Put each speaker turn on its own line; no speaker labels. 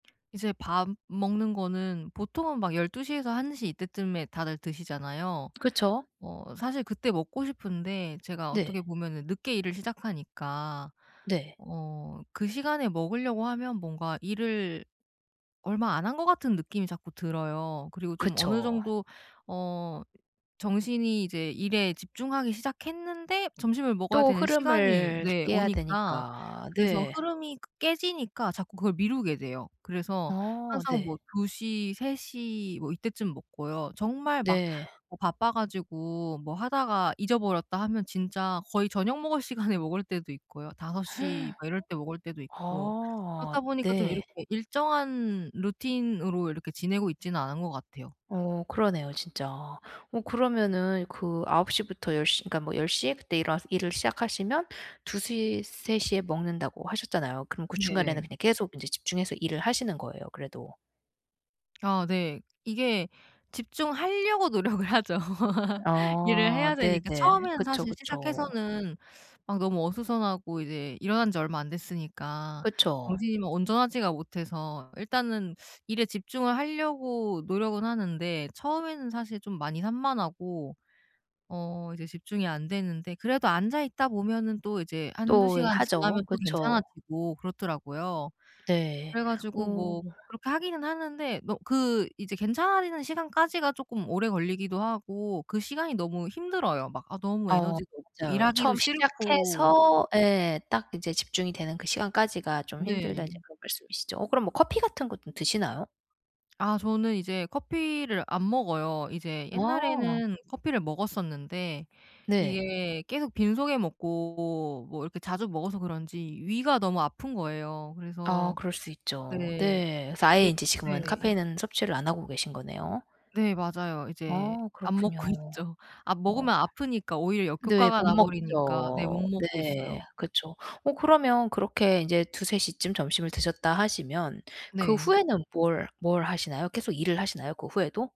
이제 밥 먹는 거는 보통은 막 12 시에서 1 시 이때쯤에 다들 드시잖아요.
그쵸.
어 사실 그때 먹고 싶은데 제가 어떻게
네.
보면은 늦게 일을 시작하니까
네.
어 그 시간에 먹으려고 하면 뭔가 일을 얼마 안 한 것 같은 느낌이 자꾸 들어요. 그리고 좀 어느
그쵸.
정도 어 정신이 이제 일에 집중하기 시작했는데 점심을 먹어야
또
되는 시간이
흐름을
네
깨야
오니까
되니까
그래서
네.
흐름이 그 깨지니까 자꾸 그걸 미루게 돼요. 그래서
어.
항상
네.
뭐 2 시, 3 시 뭐 이때쯤 먹고요. 정말 막
네.
뭐 바빠 가지고 뭐 하다가 잊어버렸다 하면 진짜 거의 저녁 먹을 시간에 먹을 때도 있고요. 5 시 막 이럴 때 먹을 때도 있고
아.
그렇다 보니까 좀
네.
이렇게 일정한 루틴으로 이렇게 지내고 있지는 않은 것 같아요.
어 그러네요 진짜. 어 그러면은 그 9 시부터 10 시인가 뭐 10 시에 그때 일어나서 일을 시작하시면 2 시, 3 시에 먹는다고 하셨잖아요. 그럼 그 중간에는
네네.
그냥 계속 인제 집중해서 일을 하시는 거예요 그래도.
아 네. 이게 집중하려고 노력을 하죠. 일을
아
해야 되니까.
네네.
처음에는
그쵸,
사실
그쵸.
시작해서는 막 너무 어수선하고 이제 일어난 지 얼마 안 됐으니까
그쵸.
정신이 뭐 온전하지가 못해서 일단은 일에 집중을 하려고 노력은 하는데 처음에는 사실 좀 많이 산만하고 어 이제 집중이 안 되는데 그래도 앉아 있다 보면은 또 이제 1-2
또 예
시간
하죠.
지나면 또
그쵸.
괜찮아지고 그렇더라고요.
네.
그래 가지고
오.
뭐 그렇게 하기는 하는데 뭐 그 이제 괜찮아지는 시간까지가 쪼끔 오래 걸리기도 하고 그 시간이 너무 힘들어요. 막 아 너무
어
에너지도 없고
맞아요.
일하기도
"처음
싫고
시작해서 예 딱 이제 집중이 되는 그 시간까지가 좀 힘들다." 인제
네.
그런 말씀이시죠. 어 그럼 뭐 커피 같은 거 좀 드시나요?
아 저는 이제 커피를 안 먹어요. 이제
아.
옛날에는 커피를 먹었었는데
네.
이게 계속 빈속에 먹고 뭐 이렇게 자주 먹어서 그런지 위가 너무 아픈 거예요.
아
그래서
그럴 수 있죠.
네.
네. 그래서 아예
이게
인제 지금은
네.
카페인은 섭취를 안 하고 계신 거네요.
네. 맞아요. 이제
아
안 먹고
그렇군요.
있죠. 아
어.
먹으면 아프니까 오히려
네,
역효과가
못
나 버리니까 네 못
먹죠.
먹고
네.
있어요.
그쵸. 어 그러면 그렇게 인제 2-3 시쯤 점심을 드셨다 하시면 그
네.
후에는 뭘 뭘 하시나요? 계속 일을 하시나요? 그 후에도?